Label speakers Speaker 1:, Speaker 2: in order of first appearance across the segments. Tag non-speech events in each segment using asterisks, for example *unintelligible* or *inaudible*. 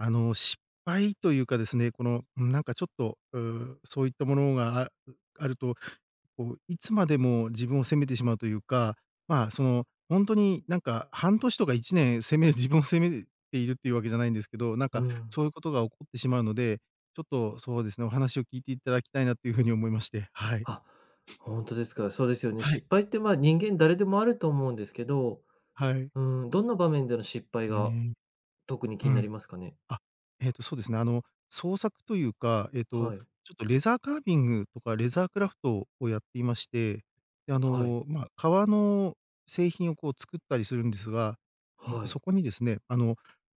Speaker 1: あの、失敗というかですね、この、うーん、なんかちょっと、う、そういったものがあん、あると、こういつまでも自分を責めてしまうというか、まあ、そのほんとに、なんか半年とか1年責め自分を責めているっていうわけじゃないんですけど、なん
Speaker 2: う
Speaker 1: か
Speaker 2: ん。
Speaker 1: そういうことが起こってしまうので、ちょっとそうですね、お話を聞いていただきたいなという風に思いまして。はい。
Speaker 2: あ、ほんとですか？そうですよね。
Speaker 1: はい。
Speaker 2: 失敗って、まあ、人間誰でもあると思うんですけど、
Speaker 1: はい。
Speaker 2: うーん、どんな場面での失敗
Speaker 1: うー
Speaker 2: が
Speaker 1: ん。
Speaker 2: 特に
Speaker 1: う
Speaker 2: 気にな
Speaker 1: ん。
Speaker 2: りますかね？
Speaker 1: あ。えっと、そうですね。あの創作というか、えっと、
Speaker 2: はい。
Speaker 1: ちょっと、レザーカービングとかレーザークラフトをやっていまして。で、あ
Speaker 2: はい。
Speaker 1: の、まあ、革の製品をこう、作ったりするんですが。うん、
Speaker 2: はい。
Speaker 1: そこにですね、あの、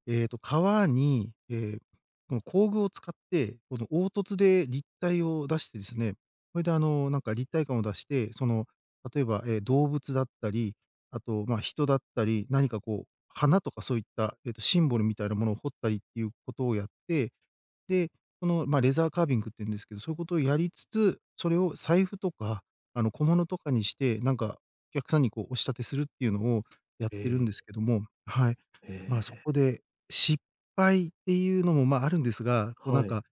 Speaker 1: えっと、革に、ええ、この工具を使ってこの凹凸で立体を出してですね、それで、あの、なんか立体感を出して、その例えば、ええ、動物だったり、あとまあ、人だったり、何かこう、花とかそういった、えっと、シンボルみたいなものを彫ったりっていう事をやって、で、このまあ、レザーカービングって言うんですけど、そういう事をやりつつ、それを財布とか、あの、小物とかにして、なんかお客さんにこう、お仕立てするっていうのをやってるん
Speaker 2: え
Speaker 1: です
Speaker 2: え。
Speaker 1: けども。はい。
Speaker 2: へ
Speaker 1: まあそ
Speaker 2: え。
Speaker 1: こで、失敗っていうのも、まああるんですが、こうなん
Speaker 2: はい。
Speaker 1: か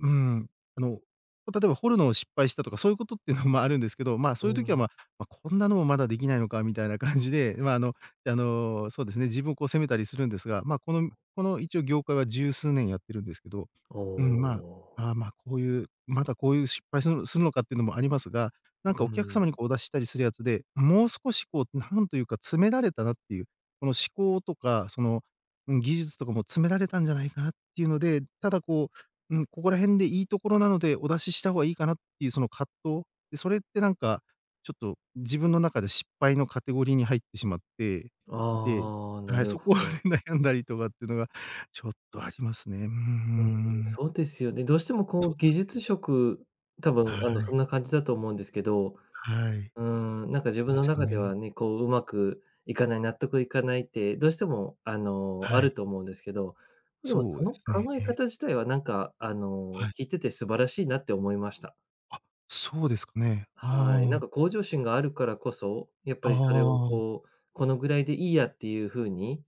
Speaker 1: うん。あの、ま、例えば彫るのを失敗したとかそういう事ってのもあるんですけど、まあ、
Speaker 2: う
Speaker 1: そういう
Speaker 2: ー
Speaker 1: 時は、
Speaker 2: ん。
Speaker 1: まあ、ま、「こんなのもまだできないのか」みたいな感じで、まああの、で、あの、そうですね、自分をこう責めたりするんですが。まあこのこの一応業界は十数年やってるんですけど、
Speaker 2: お
Speaker 1: うーん、ま
Speaker 2: お。
Speaker 1: あ、ああ、まあこういう、まだこういう失敗するするのかってのもありますが、なん
Speaker 2: う
Speaker 1: かお客
Speaker 2: ん。
Speaker 1: 様にこうお出ししたりするやつで、もう少しこうなんというか詰められたなっていう、この思考とか、その、うん、技術とかも詰められたんじゃないかなっていうので、ただこう、うん、ここら辺でいいところなので、お出しした方がいいかなっていうその葛藤、で、それってなんか、ちょっと自分の中で失敗のカテゴリーに入ってしまっていて。
Speaker 2: ああ、な
Speaker 1: はい、
Speaker 2: る
Speaker 1: そこ
Speaker 2: ほ
Speaker 1: で
Speaker 2: ど。
Speaker 1: 悩んだりとかっていうのがちょっとありますね。うー
Speaker 2: うん、
Speaker 1: ん。
Speaker 2: そうですよね。どうしてもこ
Speaker 1: そ
Speaker 2: う
Speaker 1: うで
Speaker 2: 技
Speaker 1: す
Speaker 2: 術
Speaker 1: ね。
Speaker 2: 職、多分、
Speaker 1: は
Speaker 2: あの、そ
Speaker 1: い。
Speaker 2: んな感じだと思うんですけど、
Speaker 1: はい。
Speaker 2: うーん、なんか自分
Speaker 1: で
Speaker 2: の
Speaker 1: すよ
Speaker 2: 中で
Speaker 1: ね。
Speaker 2: はね、こう上手くいかない、納得いかないって、どうしてもあの、
Speaker 1: は
Speaker 2: あ
Speaker 1: い。
Speaker 2: ると思うんですけど、でも
Speaker 1: そ
Speaker 2: そ
Speaker 1: うで
Speaker 2: の
Speaker 1: すね。
Speaker 2: 考え
Speaker 1: ええ。
Speaker 2: 方自体はなんかあの、
Speaker 1: はい。
Speaker 2: 聞いてて素晴らしいなって思いました。
Speaker 1: あ、そうですかね。ああ
Speaker 2: はい、なん
Speaker 1: ああ。
Speaker 2: か向上心があるからこそ、やっぱ
Speaker 1: ああ
Speaker 2: りそれを
Speaker 1: ああ。
Speaker 2: こう、このぐらいでいいやっていう風に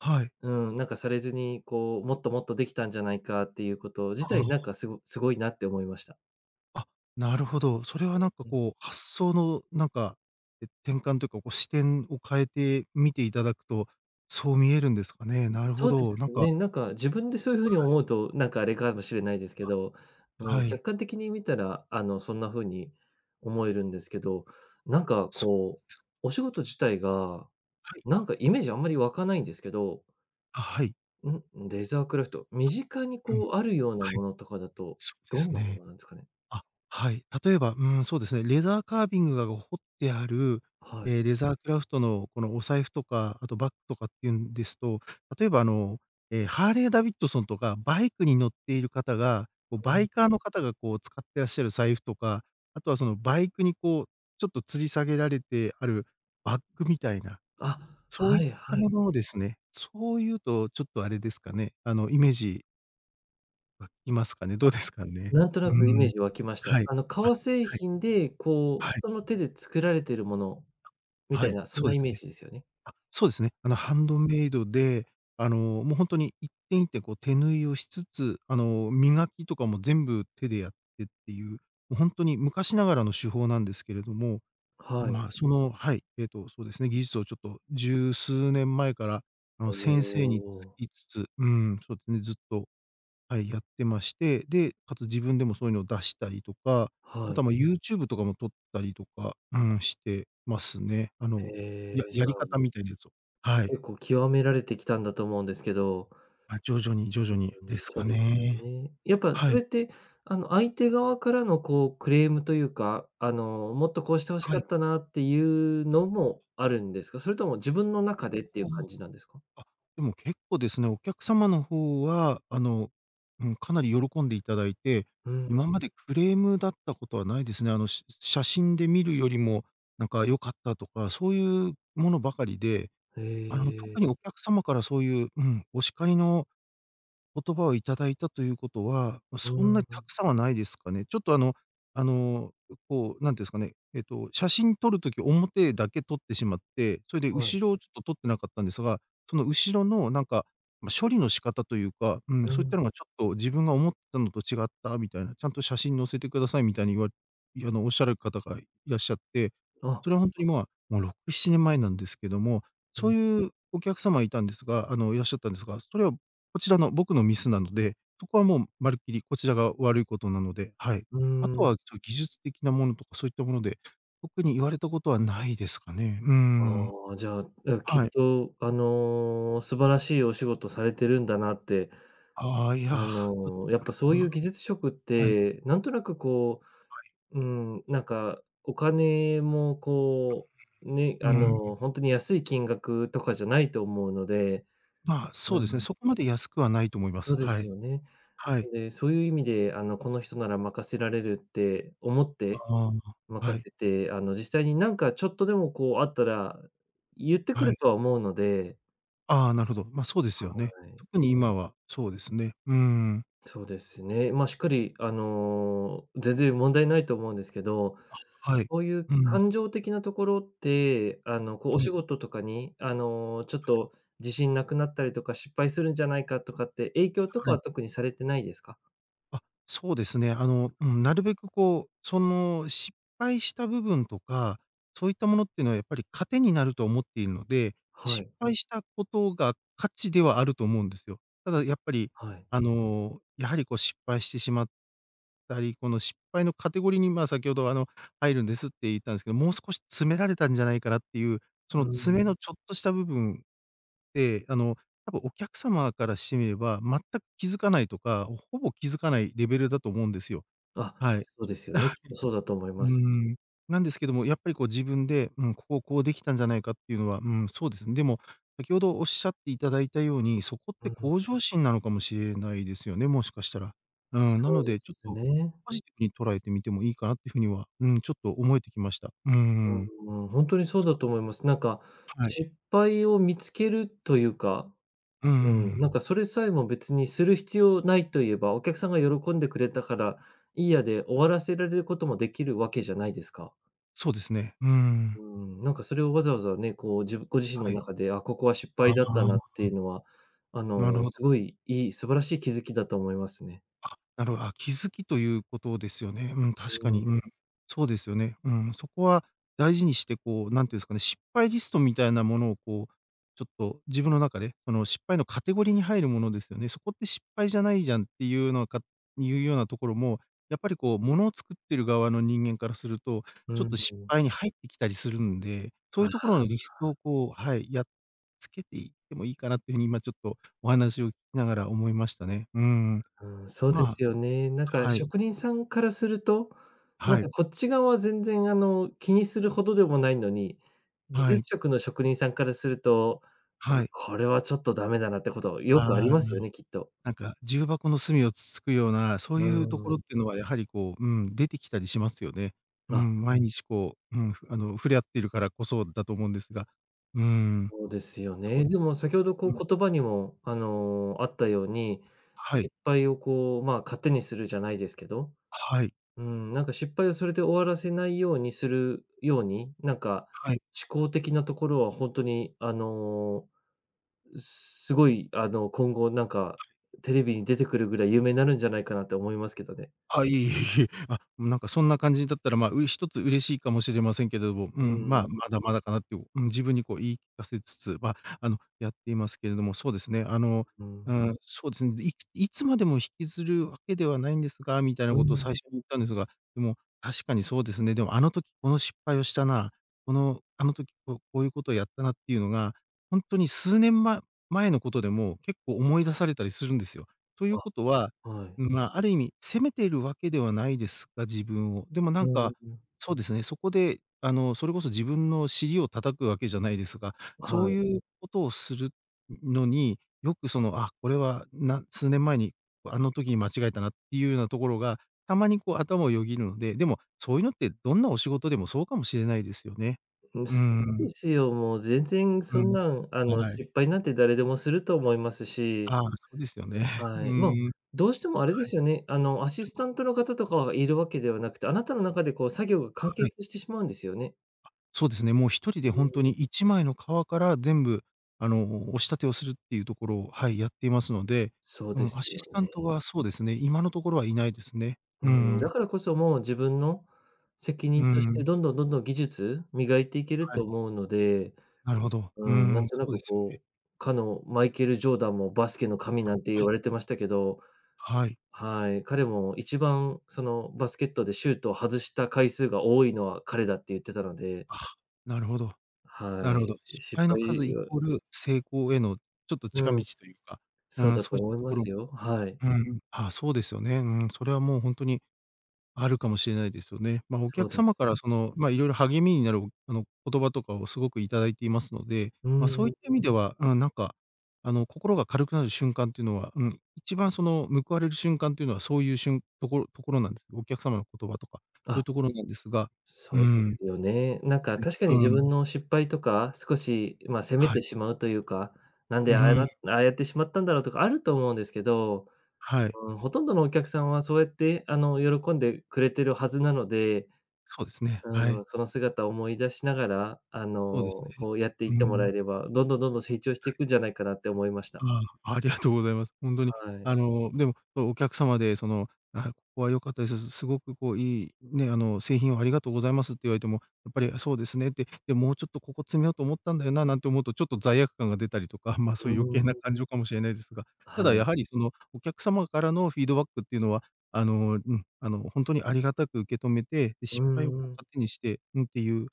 Speaker 1: はい。
Speaker 2: うん。なんかされずに、こうもっともっとできたんじゃないかっていうこと自
Speaker 1: あ
Speaker 2: 体、なんか
Speaker 1: あ。
Speaker 2: すごすごいなって思いました。
Speaker 1: あ、なるほど。それ
Speaker 2: え
Speaker 1: はなんか
Speaker 2: え、うん。
Speaker 1: こう、発想のなんか、え、転換というか、こう視点を変えて見て頂くとそう見えるんですかね？
Speaker 2: う、
Speaker 1: なるほ
Speaker 2: そうで
Speaker 1: ど、
Speaker 2: す
Speaker 1: なんか
Speaker 2: ね。なんか自分でそういう風に
Speaker 1: はい。
Speaker 2: 思うと、なんかあれかもしれないですけど。あ
Speaker 1: あ、
Speaker 2: の、
Speaker 1: はい。
Speaker 2: 客観的に見たらあの、そんな風に思えるんですけど。な
Speaker 1: あ、
Speaker 2: んか
Speaker 1: そ
Speaker 2: こう、
Speaker 1: うです。
Speaker 2: お仕事自体が、
Speaker 1: はい。
Speaker 2: なんかイメージあんまり湧かないんですけど
Speaker 1: あ、はい。
Speaker 2: ん、レザークラフト。身
Speaker 1: あ、
Speaker 2: 近に
Speaker 1: うん。
Speaker 2: こうあるような
Speaker 1: はい。
Speaker 2: ものとかだと、
Speaker 1: そうで
Speaker 2: どん
Speaker 1: す
Speaker 2: なも
Speaker 1: ね。
Speaker 2: のなんですかね？
Speaker 1: あ、はい。例えば、うーん。そうですね、レザーカービングがが彫ってある、
Speaker 2: はい。
Speaker 1: ええ、レザークラフトのこのお財布とか、あとバッグとかっていうんですと、例えばあの、ええ、ハーレーダビッドソンとか、バイクに乗っている方が、こう
Speaker 2: お
Speaker 1: バ
Speaker 2: ん。
Speaker 1: イカーの方がこう使ってらっしゃる財布とか、あとはそのバイクにこうちょっと吊り下げられてあるバッグみたいな、
Speaker 2: あ、
Speaker 1: そうい
Speaker 2: は
Speaker 1: っ
Speaker 2: い
Speaker 1: た
Speaker 2: はい。
Speaker 1: ものをですね。そういうとちょっとあれですかね、あの、イメージうん、いますかね。ど
Speaker 2: あ、
Speaker 1: うですかね。
Speaker 2: なんとな
Speaker 1: う
Speaker 2: くイメー
Speaker 1: ん。
Speaker 2: ジ湧きました。
Speaker 1: はい。
Speaker 2: あの、
Speaker 1: あ、
Speaker 2: 革製
Speaker 1: はい。
Speaker 2: 品でこう
Speaker 1: はい。
Speaker 2: 人の手で作られてるもの、み
Speaker 1: あ、
Speaker 2: た
Speaker 1: は
Speaker 2: い
Speaker 1: い、
Speaker 2: なそん
Speaker 1: そう
Speaker 2: な
Speaker 1: で
Speaker 2: イ
Speaker 1: す
Speaker 2: メー
Speaker 1: ね。
Speaker 2: ジですよね。
Speaker 1: あ、そうですね。あのハンドメイドで、あの、もう本当に一点一点こう手縫いをしつつ、あの、磨きとかも全部手でやってっていう、もう本当に昔ながらの手法なんですけれども、
Speaker 2: はい。
Speaker 1: まあその、はい、えっとそうですね、技術をちょっと十数年前から、あの、
Speaker 2: お
Speaker 1: 先生につ
Speaker 2: お。
Speaker 1: きつつ、うーん、そうでね、ずっと、はい、やってまして。で、かつ自分でもそういうのを出したりとか、あ
Speaker 2: は
Speaker 1: と
Speaker 2: い。
Speaker 1: はまあ YouTube とかも撮ったりとか、うん、してますね。あの、や
Speaker 2: え、じ
Speaker 1: や
Speaker 2: ゃ
Speaker 1: り
Speaker 2: あ
Speaker 1: 方みたいなやつを。はい。
Speaker 2: 結構極められてきたんだと思うんですけど。
Speaker 1: ま、徐々に、徐
Speaker 2: う、
Speaker 1: 々に
Speaker 2: うん、
Speaker 1: です
Speaker 2: そう
Speaker 1: か
Speaker 2: ですよ
Speaker 1: ね。
Speaker 2: ね。やっぱそ
Speaker 1: は
Speaker 2: れ
Speaker 1: い。
Speaker 2: ってあの、相手側からのこうクレームというか、あの、もっとこうして欲し
Speaker 1: は
Speaker 2: か
Speaker 1: い。
Speaker 2: ったなっていうのもあるんですか？それとも自分の中でっていう感
Speaker 1: *unintelligible*
Speaker 2: じなんですか？
Speaker 1: あ、でも結構ですね、お客様の方は、あの、うん、かなり喜んで頂いて、
Speaker 2: うん。
Speaker 1: 今までクレームだったことはないですね。あの、し写真で見るよりも、なんか良かったとか、そういうものばかりで、
Speaker 2: へ
Speaker 1: あの、
Speaker 2: え。
Speaker 1: 特にお客様からそういう、うん、お叱りの言葉を頂いたということは、ま、
Speaker 2: う
Speaker 1: そんな
Speaker 2: ー
Speaker 1: た
Speaker 2: ん。
Speaker 1: くさんはないですかね。ちょっとあの、あの、こう、なんて言うんですかね、えっと、写真撮る時表だけ撮ってしまって、それで
Speaker 2: はい。
Speaker 1: 後ろをちょっと撮ってなかったんですが、その後ろのなんか、ま、処理の仕方というか、うーん、
Speaker 2: う
Speaker 1: そういった
Speaker 2: ん。
Speaker 1: のがちょっと自分が思ったのと違ったみたいな、ちゃんと写真載せて下さいみたいに言わいうのおっしゃる方がいらっしゃって、そ
Speaker 2: あ。
Speaker 1: れは本当にまあ、もう6、7年前なんですけども、
Speaker 2: う
Speaker 1: そ
Speaker 2: ん。
Speaker 1: ういうお客様いたんですがあの、いらっしゃったんですが、それは、こちらの僕のミスなので、そこはもうまるっきりこちらが悪いことなので、はい。
Speaker 2: うー
Speaker 1: あと
Speaker 2: ん。
Speaker 1: はちょ、技術的なものとかそういったもので、特に言われたことはないですかね。うーん。
Speaker 2: ああ、じゃあ、あ、きっ
Speaker 1: はい。
Speaker 2: とあの、素晴らしいお仕事されてるんだなって。
Speaker 1: ああ、いや、
Speaker 2: あの、やっぱそういう
Speaker 1: *unintelligible*
Speaker 2: 技術職っ
Speaker 1: はい。
Speaker 2: て、なんとなくこ
Speaker 1: はい。
Speaker 2: う、うーんなんか、お金も
Speaker 1: *unintelligible*
Speaker 2: こう、ね、
Speaker 1: う
Speaker 2: あ
Speaker 1: ん。
Speaker 2: の、ほんとに安い金額とかじゃないと思うので
Speaker 1: まあ、
Speaker 2: う
Speaker 1: そうですね。
Speaker 2: ん。
Speaker 1: そこまで安くはないと思いま
Speaker 2: そ
Speaker 1: す。
Speaker 2: うで
Speaker 1: は
Speaker 2: す
Speaker 1: い。
Speaker 2: よね。
Speaker 1: は
Speaker 2: な
Speaker 1: い。
Speaker 2: んで、そういう意味で、あの、この人なら任せられるって思って、
Speaker 1: ああ、は
Speaker 2: 任
Speaker 1: い。
Speaker 2: せて、あの、実際になんかちょっとでもこうあったら言ってく
Speaker 1: は
Speaker 2: る
Speaker 1: い。
Speaker 2: とは思うので。
Speaker 1: ああ、なるほど。ま、そうですよね。
Speaker 2: はい。
Speaker 1: 特に今はそうですね、うん。
Speaker 2: そうですね。まあ、しっかりあの、全然問題ないと思うんですけど、
Speaker 1: あ、はい。
Speaker 2: そういう
Speaker 1: うん。
Speaker 2: 感情的なところって、あの、こうお
Speaker 1: は
Speaker 2: 仕
Speaker 1: い。
Speaker 2: 事とかにあの、ちょっ
Speaker 1: はい。
Speaker 2: と自信なくなったりとか、失敗するんじゃないかとかって、影響とか
Speaker 1: はい。
Speaker 2: は特にされてないですか？
Speaker 1: あ、そうですね。あの、うん、なるべくこう、その、失敗した部分とか、そういったものっていうのはやっぱり糧になると思っているので、
Speaker 2: は
Speaker 1: 失
Speaker 2: い。
Speaker 1: 敗した事が価値ではあると思うんですよ。ただやっぱり
Speaker 2: はい。
Speaker 1: あの、やはりこう失敗してしまったり、この、失敗のカテゴリーに、ま、先ほどあの、入るんですって言ったんですけど、もう少し詰められたんじゃないかなっていう、そ
Speaker 2: う
Speaker 1: の詰
Speaker 2: ん。
Speaker 1: めのちょっとした部分って、あの、多分お客様からしてみれば、全く気付かないとか、ほほぼ気付かないレベルだと思うんですよ。
Speaker 2: あ、
Speaker 1: はい。
Speaker 2: そう
Speaker 1: ちょ
Speaker 2: ですよ
Speaker 1: あ、は
Speaker 2: ね、きっとそうだと思い
Speaker 1: い。う
Speaker 2: ます。
Speaker 1: ーん、なんですけども、やっぱりこう自分で、「うん、ここ、こうできたんじゃないか」っていうのは、うーん、そうですね。でも、先ほどおっしゃっていただいたように、そこっ
Speaker 2: う
Speaker 1: て
Speaker 2: ん。
Speaker 1: 向上心なのかもしれないですよね、もしかしたら。うん、な
Speaker 2: そう
Speaker 1: の
Speaker 2: で
Speaker 1: で、ちょっ
Speaker 2: す
Speaker 1: と、
Speaker 2: ね。
Speaker 1: ポジティブに捉えてみてもいいかなっていう風には、うーん、ちょっと思えてきました。うん。
Speaker 2: うーん、ほんとにそう
Speaker 1: そ
Speaker 2: だ
Speaker 1: うで
Speaker 2: と
Speaker 1: す
Speaker 2: 思
Speaker 1: ね。
Speaker 2: います。なんか
Speaker 1: はい。
Speaker 2: 失敗を見つけるというか、
Speaker 1: うん、うー
Speaker 2: うん、
Speaker 1: ん。
Speaker 2: なんかそれさえも別にする必要ないと言えば、お客さんが喜んでくれたからいいやで終わらせられることもできるわけじゃないですか。
Speaker 1: そうですね。うーん。
Speaker 2: うん、なんかそれをわざわざね、こうじご自身の
Speaker 1: はい。
Speaker 2: 中で、「あ、ここは失
Speaker 1: ああ
Speaker 2: 敗だ
Speaker 1: あ
Speaker 2: っ
Speaker 1: あ、
Speaker 2: た
Speaker 1: は
Speaker 2: な」っ
Speaker 1: あ。
Speaker 2: ていうのは、あ
Speaker 1: なる
Speaker 2: の、
Speaker 1: ほ
Speaker 2: す
Speaker 1: ど。
Speaker 2: ごいいい、素晴らしい気づきだと思いますね。
Speaker 1: あ、なるほど。あ、気付きという事ですよね、うん、確
Speaker 2: う
Speaker 1: かに、
Speaker 2: ん。
Speaker 1: うん、そうですよね、うん。そこは大事にして、こう何て言うんですかね、失敗リストみたいなものをこう、ちょっと自分の中でこの失敗のカテゴリーに入るものですよね。「そこって失敗じゃないじゃん」っていうのかいうようなところも、やっぱりこう物を作ってる側の人間からすると、
Speaker 2: う
Speaker 1: ちょっと失
Speaker 2: ん。
Speaker 1: 敗に入ってきたりするんで、そ
Speaker 2: あ
Speaker 1: ういう
Speaker 2: あ、
Speaker 1: 所のリスト
Speaker 2: あ。
Speaker 1: をこう、はい、やっつけていってもいいかなっていう風に今ちょっとお話を聞きながら思いましたね。うん。
Speaker 2: ううん、そうで
Speaker 1: まあ
Speaker 2: すよね、なんか
Speaker 1: はい。
Speaker 2: 職人さんからすると、なん
Speaker 1: はい。
Speaker 2: かこっち側は全然あの、気にするほどでもないのに、技
Speaker 1: は
Speaker 2: 術
Speaker 1: い。
Speaker 2: 職の職人さんからすると、「あ、
Speaker 1: はい。
Speaker 2: これはちょっとダメだな」ってことよ
Speaker 1: あ
Speaker 2: くあり
Speaker 1: あ、
Speaker 2: ますよね、きっと。
Speaker 1: なんか、重箱の隅をつつくような、そう
Speaker 2: う
Speaker 1: いうとこ
Speaker 2: ー
Speaker 1: ろっ
Speaker 2: ん。
Speaker 1: ていうのはやはりこう、うん、出てきたりしますよね。う
Speaker 2: あ。
Speaker 1: ん、毎日こう、うん、ふあの、触れ合っているからこそだと思うんですが。うん。
Speaker 2: そうですよ
Speaker 1: そう
Speaker 2: ね。
Speaker 1: で
Speaker 2: で
Speaker 1: すね。
Speaker 2: も先ほどこう
Speaker 1: うん。
Speaker 2: 言葉にもあの、あったように、
Speaker 1: は
Speaker 2: 失
Speaker 1: い。
Speaker 2: 敗をこう、ま、糧にするじゃないですけど、
Speaker 1: はい。
Speaker 2: うん、なんか失敗をそれで終わらせないようにするように、なんか
Speaker 1: はい。
Speaker 2: 思考的なところはほんとにあの、う、すごいあの、今後なんかテレビに出てくるぐらい有名になるんじゃないかなと思いますけどね。
Speaker 1: あ、いえいえいえ。あ、なんかそんな感じだったら、まあ、うれ一つ嬉しいかもしれませんけども。う
Speaker 2: う
Speaker 1: ん、ま
Speaker 2: ー
Speaker 1: あ、
Speaker 2: ん。
Speaker 1: まだまだかなって、おうん、自分にこう言い聞かせつつ、ま、あの、やっていますけれども。そうですね、あの、
Speaker 2: う
Speaker 1: う
Speaker 2: ん。
Speaker 1: ん、そうですね。で、いいつまでも引きずるわけではないんですが、みたい
Speaker 2: う
Speaker 1: な
Speaker 2: ー
Speaker 1: 事を最
Speaker 2: ん。
Speaker 1: 初に言ったんですが、でも確かにそうですね。でも「あの時この失敗をしたな。このあの時こう、こういう事をやったな」っていうのが、ほんとに数年ま前の事でも、結構思い出されたりするんですよ。という
Speaker 2: あ、
Speaker 1: 事は、
Speaker 2: は
Speaker 1: ん、
Speaker 2: い。
Speaker 1: まあ、ある意味、責めてるわけではないですが、自分を、でもな
Speaker 2: う
Speaker 1: ん
Speaker 2: ん。
Speaker 1: かそうですね、そこであの、それこそ自分の尻を叩くわけじゃないですが、そ
Speaker 2: は
Speaker 1: う
Speaker 2: い。
Speaker 1: いう事をするののに、よくその「あ、これは、な数年前に、あの時に間違えたな」っていうようなところが、たまにこう頭をよぎるので、でも、そういうのってどんなお仕事でもそうかもしれないですよね。
Speaker 2: うん、
Speaker 1: うー
Speaker 2: そうで
Speaker 1: ん。
Speaker 2: すよ、もう全然
Speaker 1: う
Speaker 2: そん
Speaker 1: ん、
Speaker 2: なん、あの、
Speaker 1: はい。
Speaker 2: 失敗なんて誰でもすると思いますし。
Speaker 1: ああ、そうですよね。う
Speaker 2: はい、ま、
Speaker 1: ん。
Speaker 2: どうしてもあれで
Speaker 1: はい。
Speaker 2: すよね、あの、アシ
Speaker 1: はい。
Speaker 2: スタントの方とかはいるわけではなくて、あなたの中でこう作業が完
Speaker 1: はい。
Speaker 2: 結してしまうんですよね？
Speaker 1: あ、そうですね。もう、1人で
Speaker 2: うー
Speaker 1: ほんとに
Speaker 2: ん。
Speaker 1: 1枚の革から全部、あの、お仕立てをするっていうところを、はい。やっていますので、
Speaker 2: そう
Speaker 1: う
Speaker 2: で
Speaker 1: ん。
Speaker 2: す
Speaker 1: アシ
Speaker 2: よ
Speaker 1: スタント
Speaker 2: ね。
Speaker 1: はそうですね。今のところはいないですね。
Speaker 2: う
Speaker 1: うー
Speaker 2: ーん。だ
Speaker 1: ん。
Speaker 2: からこそもう自分の責
Speaker 1: う
Speaker 2: 任
Speaker 1: ー
Speaker 2: として、
Speaker 1: ん。
Speaker 2: どんどん、どんどん技術磨いていける
Speaker 1: は
Speaker 2: と
Speaker 1: い。
Speaker 2: 思うので、
Speaker 1: なるほど。
Speaker 2: う
Speaker 1: うー
Speaker 2: ん。な
Speaker 1: ん。
Speaker 2: んとな
Speaker 1: そう
Speaker 2: く
Speaker 1: ですよね。
Speaker 2: こう、かの、マイケル・ジョーダンもバスケの神
Speaker 1: あ、
Speaker 2: なんて言
Speaker 1: はい。
Speaker 2: われてましたけど、
Speaker 1: はい。
Speaker 2: はい。彼も一番その、バスケットでシュートを外した回数が多いのは彼だって言ってたので。
Speaker 1: あ、なるほど。な
Speaker 2: は
Speaker 1: るほ
Speaker 2: い。
Speaker 1: ど。
Speaker 2: で、
Speaker 1: 失
Speaker 2: 失
Speaker 1: 敗の数
Speaker 2: 敗
Speaker 1: イ
Speaker 2: は
Speaker 1: コール成功へのちょっと近
Speaker 2: う
Speaker 1: 道
Speaker 2: ん。
Speaker 1: というか、う
Speaker 2: そう
Speaker 1: ーん。
Speaker 2: だ
Speaker 1: そ
Speaker 2: と
Speaker 1: ういっ
Speaker 2: 思
Speaker 1: た
Speaker 2: い
Speaker 1: と
Speaker 2: ま
Speaker 1: ころも
Speaker 2: すよ。はい。
Speaker 1: うん。ああ、そうですよね、うーん、それはもうほんとにあるかもしれないですよね。まあ、お
Speaker 2: そう
Speaker 1: 客
Speaker 2: です
Speaker 1: 様から
Speaker 2: ね。
Speaker 1: その、まあ、色々励みになる、おあの、言葉とかをすごく頂いていますので、
Speaker 2: う
Speaker 1: ま
Speaker 2: ん
Speaker 1: あ、
Speaker 2: う
Speaker 1: そ
Speaker 2: ん
Speaker 1: う
Speaker 2: う
Speaker 1: いった意
Speaker 2: ん。
Speaker 1: 味では、ああ、なんか、あの、心が軽くなる瞬間っていうのはうん。一番その、報われる瞬間っていうのは、そういうしゅんところところなんです。お客様の言葉とかそうい
Speaker 2: あ。
Speaker 1: うところなんですが、うー
Speaker 2: そうで
Speaker 1: ん、
Speaker 2: す
Speaker 1: で
Speaker 2: よね。なん
Speaker 1: す
Speaker 2: か、
Speaker 1: ね。
Speaker 2: 確かに自
Speaker 1: うーん。
Speaker 2: 分の失敗とか、少しまあ、責め
Speaker 1: はい。
Speaker 2: てしまうというか、なん
Speaker 1: う
Speaker 2: で、ああ、や
Speaker 1: ー
Speaker 2: だ
Speaker 1: ん。
Speaker 2: ああやってしまったんだろう、とかあると思うんですけど、
Speaker 1: はい。
Speaker 2: うーん。ほとんどのお
Speaker 1: あ、
Speaker 2: 客
Speaker 1: そう
Speaker 2: さんはそうやって、あの、喜んでくれてるはずなので、
Speaker 1: そうですね、
Speaker 2: う
Speaker 1: は
Speaker 2: ー
Speaker 1: い。
Speaker 2: ん。その姿思い出しながら、あ
Speaker 1: そうです
Speaker 2: の、
Speaker 1: ね、
Speaker 2: こう、やってい
Speaker 1: う
Speaker 2: っ
Speaker 1: ー
Speaker 2: てもら
Speaker 1: ん。
Speaker 2: えれば、どんどん、どんどん成長し
Speaker 1: は
Speaker 2: てい
Speaker 1: い。
Speaker 2: くんじゃないかなって思いました。
Speaker 1: ああ、ありがとうございます。ほんとに、
Speaker 2: はい。
Speaker 1: あの、でも、そう、お客様でその、「あ、ここは良かったです。すすすごくこう、いい、ね、あの、製品をありがとうございます」って言われても、やっぱり、あ、そうですねって、で、もうちょっと、ここ詰めようと思ったんだよな、なんて思うとちょっと罪悪感が出たりとか、まあ、
Speaker 2: う
Speaker 1: そういう余
Speaker 2: ー
Speaker 1: 計な
Speaker 2: ん。
Speaker 1: 感情かもしれないですが。た
Speaker 2: は
Speaker 1: だ
Speaker 2: い。
Speaker 1: やはりその、お客様からのフィードバックっていうのは、あの、うん。あの、ほんとにありがたく受け止めて、で、失
Speaker 2: う
Speaker 1: 敗を
Speaker 2: ん
Speaker 1: こう
Speaker 2: うん。
Speaker 1: 糧にして、うん。ていう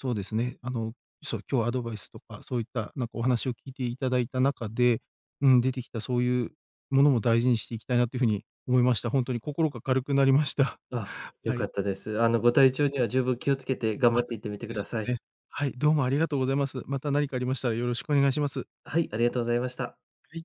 Speaker 1: そうですね。あのそう。今日アドバイスとか、そういったなんかお話を聞いて頂いた中で、うん。出てきたそういうものも大事にしていきたいなという風に思いました。ほんとに心が軽くなりました。
Speaker 2: あ、良
Speaker 1: は
Speaker 2: か
Speaker 1: い。
Speaker 2: ったです。あの、ご体
Speaker 1: は
Speaker 2: 調
Speaker 1: い。
Speaker 2: には十分気をつけて頑
Speaker 1: あ、
Speaker 2: 張っていってみ
Speaker 1: そ
Speaker 2: て
Speaker 1: で
Speaker 2: くだ
Speaker 1: す
Speaker 2: さい。
Speaker 1: ね。はい。どうもありがとうございます。また何かありましたらよろしくお願いします。
Speaker 2: はい。ありがとうございました。
Speaker 1: はい。